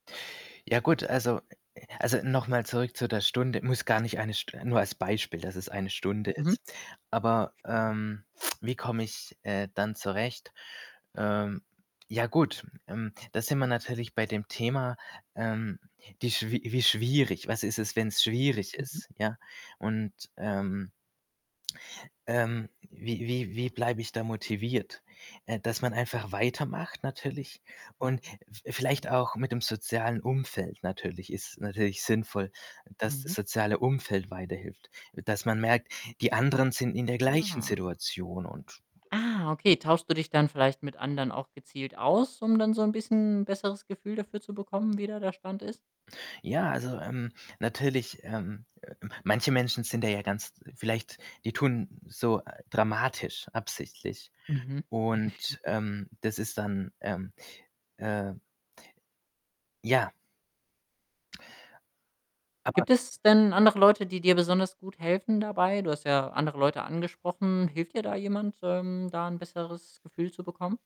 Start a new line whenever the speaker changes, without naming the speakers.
Ja gut, also, äh äh also, noch mal zurück zu der Stunde muss gar nicht eine St nur als Beispiel, dass es eine Stunde
Mhm.
ist. Aber,
[unintelligible]
ähm, wie komme ich, äh, dann zurecht? Ähm, ja gut, ähm, da sind wir natürlich bei dem Thema, ähm, die schwier wie schwierig. Was ist es, wenn's schwierig
Mhm.
ist, ja? Und, ähm ähm, wie wie wie bleibe ich da motiviert? Äh, dass man einfach weitermacht natürlich
Ja.
und v vielleicht auch mit'm sozialen Umfeld natürlich, ist natürlich sinnvoll, dass
Mhm.
soziale Umfeld weiterhilft. Dass man merkt, die anderen sind in der gleichen
Aha.
Situation und [unintelligible]
Ah, okay. Tauschst du dich dann vielleicht mit anderen auch gezielt aus, um dann so 'n bisschen besseres Gefühl dafür zu bekommen, wie da der Stand ist?
Ja, also, ähm, natürlich, ähm, äh, m manche Menschen sind da ja ganz vielleicht die tun so, äh, dramatisch absichtlich.
Mhm.
Und, ähm, das ist dann, ähm, äh ja aber
Gibt
[unintelligible]
es denn andere Leute die dir besonders gut helfen dabei? Du hast ja andere Leute angesprochen. Hilft dir da jemand, ähm, da 'n besseres Gefühl zu bekommen?